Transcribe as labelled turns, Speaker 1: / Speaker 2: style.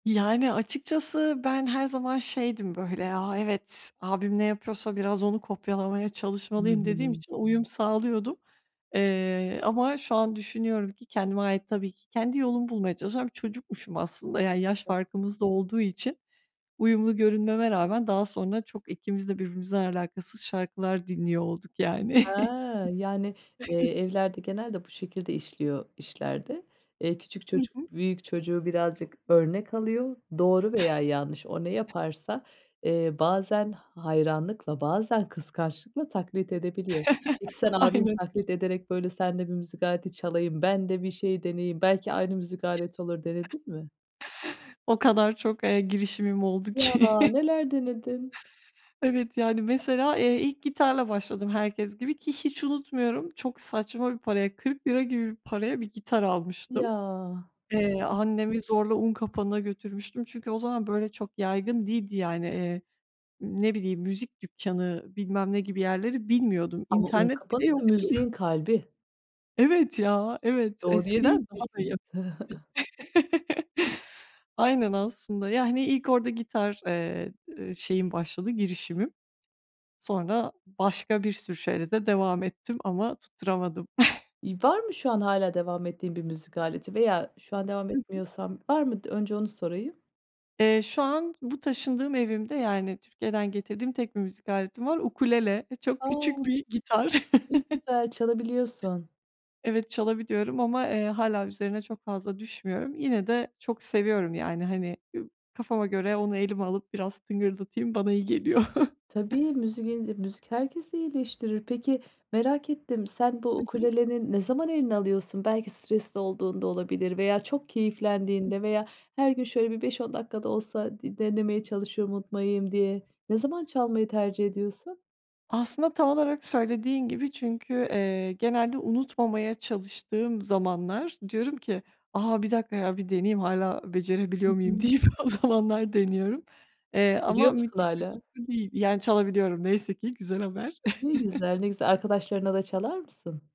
Speaker 1: Yani, açıkçası ben her zaman şeydim böyle, ya, "Evet, abim ne yapıyorsa biraz onu kopyalamaya
Speaker 2: Hı
Speaker 1: çalışmalıyım." dediğim
Speaker 2: hı.
Speaker 1: için uyum sağlıyordum. Eee, ama şu an düşünüyorum ki kendime ait tabii ki kendi yolumu bulmaya çalışan bir çocukmuşum aslında. Yani yaş
Speaker 2: Tabii.
Speaker 1: farkımız da olduğu için, uyumlu görünmeme rağmen daha sonra çok ikimiz de birbirimizden alakasız şarkılar dinliyor olduk, yani.
Speaker 2: Ha! Yani, eee,
Speaker 1: Evet.
Speaker 2: evlerde genelde bu şekilde işliyor işlerdi. Eee, küçük
Speaker 1: Hı
Speaker 2: çocuk
Speaker 1: hı.
Speaker 2: büyük çocuğu birazcık örnek alıyor. Doğru veya yanlış o ne yaparsa, eee, bazen hayranlıkla, bazen kıskançlıkla taklit edebiliyor. Peki sen abini
Speaker 1: Aynen.
Speaker 2: taklit ederek,
Speaker 1: [unintelligible]
Speaker 2: böyle, sen de bir müzik aleti çalayım, ben de bir şey deneyeyim. Belki aynı müzik aleti olur denedin mi?
Speaker 1: O kadar çok, eee, girişimim oldu
Speaker 2: Ya!
Speaker 1: ki.
Speaker 2: Neler denedin?
Speaker 1: Evet, yani, mesela, eee, ilk gitarla başladım herkes gibi, ki hiç unutmuyorum çok saçma bir paraya, ₺40 gibi paraya bir gitar
Speaker 2: Ya.
Speaker 1: almıştım. Eee,
Speaker 2: [unintelligible]
Speaker 1: annemi zorla Unkapanı'na götürmüştüm çünkü o zaman böyle çok yaygın değildi yani, eee, ne bileyim, müzik dükkanı, bilmem ne gibi yerleri bilmiyordum.
Speaker 2: Ama
Speaker 1: İnternet
Speaker 2: Unkapanı
Speaker 1: bile
Speaker 2: da
Speaker 1: yoktu.
Speaker 2: müziğin kalbi.
Speaker 1: Evet, ya, evet.
Speaker 2: Doğru yere
Speaker 1: Eskiden daha da ya
Speaker 2: gitmişsiniz.
Speaker 1: [unintelligible] Aynen aslında. Yani, ilk orada gitar, eee, ııı, şeyim başladı, girişimim. Sonra başka bir sürü şeyle de devam ettim ama tutturamadım.
Speaker 2: İ var mı şu an hâlâ devam ettiğin bir müzik aleti veya şu an devam
Speaker 1: Hı hı.
Speaker 2: etmiyorsan var mı d önce onu sorayım?
Speaker 1: Eee, şu an bu taşındığım evimde, yani, Türkiye'den getirdiğim tek bir müzik aletim var. Ukulele. Eee, çok
Speaker 2: A!
Speaker 1: küçük bir gitar.
Speaker 2: Ne güzel. Çalabiliyorsun.
Speaker 1: Evet, çalabiliyorum ama, eee, hâlâ üzerine çok fazla düşmüyorum. Yine de çok seviyorum, yani, hani, kafama göre onu elime alıp biraz tıngırdatayım, bana iyi geliyor.
Speaker 2: Tabii, müziğin müzik herkesi iyileştirir. Peki, merak ettim, sen bu
Speaker 1: Hı hı.
Speaker 2: ukuleleni ne zaman eline alıyorsun? Belki stresli olduğunda olabilir veya çok
Speaker 1: Hı.
Speaker 2: keyiflendiğinde veya her gün şöyle bir 5-10 dakika da olsa di denemeye çalışıyorum unutmayayım diye. Ne zaman çalmayı tercih ediyorsun?
Speaker 1: Aslında tam olarak söylediğin gibi çünkü, eee, genelde unutmamaya çalıştığım zamanlar diyorum ki: "A, 1 dakika ya, bir deneyeyim hâlâ
Speaker 2: Hı
Speaker 1: becerebiliyor muyum?"
Speaker 2: hı.
Speaker 1: deyip o zamanlar deniyorum. Eee, ama
Speaker 2: Görüyor musun
Speaker 1: müthiş bir
Speaker 2: hâlâ?
Speaker 1: tutku değil, yani, çalabiliyorum neyse ki. Güzel haber.
Speaker 2: Ne güzel, ne güzel. Arkadaşlarına da çalar mısın?